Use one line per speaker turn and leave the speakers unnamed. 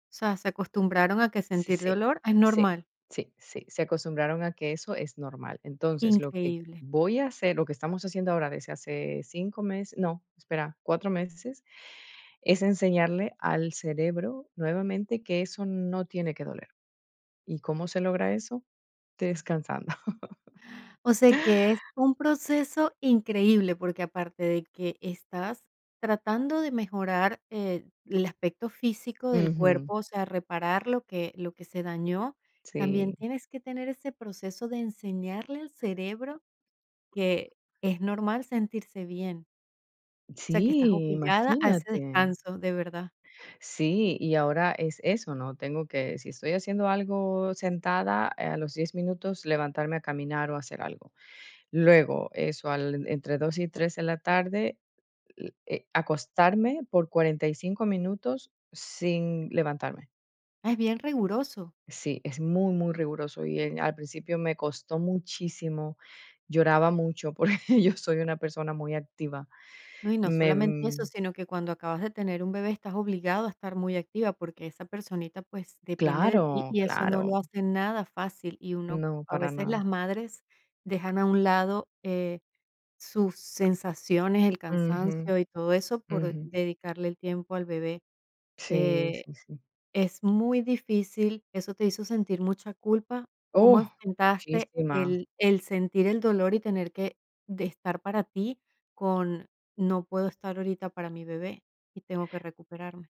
O sea, se acostumbraron a que
Sí,
sentir
sí,
dolor es
sí,
normal.
sí, sí, se acostumbraron a que eso es normal. Entonces, lo que
Increíble.
voy a hacer lo que estamos haciendo ahora, desde hace 5 mes no, espera, 4 meses, es enseñarle al cerebro, nuevamente, que eso no tiene que doler, ¿y cómo se logra eso? Descansando.
O sea, que es un proceso increíble, porque aparte de que estás tratando de mejorar, eh, el aspecto físico, del
Ujú.
cuerpo, o sea, reparar lo que lo que se dañó, también
Sí.
tienes que tener ese proceso de enseñarle al cerebro que es normal sentirse bien. O sea que estás
Sí,
obligada a ese
imagínate.
descanso, de verdad.
Sí, y ahora es eso, ¿no? Tengo que, si estoy haciendo algo sentada, eh, a los 10 minutos, levantarme a caminar o hacer algo. Luego, eso, al entre 2 y 3 de la tarde, l eh, acostarme por 45 minutos sin levantarme.
Es bien riguroso.
Sí, es muy, muy riguroso, y en al principio me costó muchísimo. Lloraba mucho porque yo soy una persona muy activa.
No, y no
Me,
solamente eso,
mm
sino que cuando acabas de tener un bebé estás obligado a estar muy activa, porque esa personita, pues, depende de ti,
Claro,
y eso no lo
claro.
hace nada fácil, y uno
No,
a
para
veces, las
nada.
madres dejan a un lado, eh, sus sensaciones, el
Ujú.
cansancio y todo eso, por
Ujú.
dedicarle el tiempo al bebé,
Sí,
eh,
sí, sí.
es muy difícil. ¿Eso te hizo sentir mucha culpa?
Uh,
¿Cómo enfrentaste
muchísima.
el el sentir el dolor y tener que de estar para ti, con: "No puedo estar ahorita para mi bebé, y tengo que recuperarme?"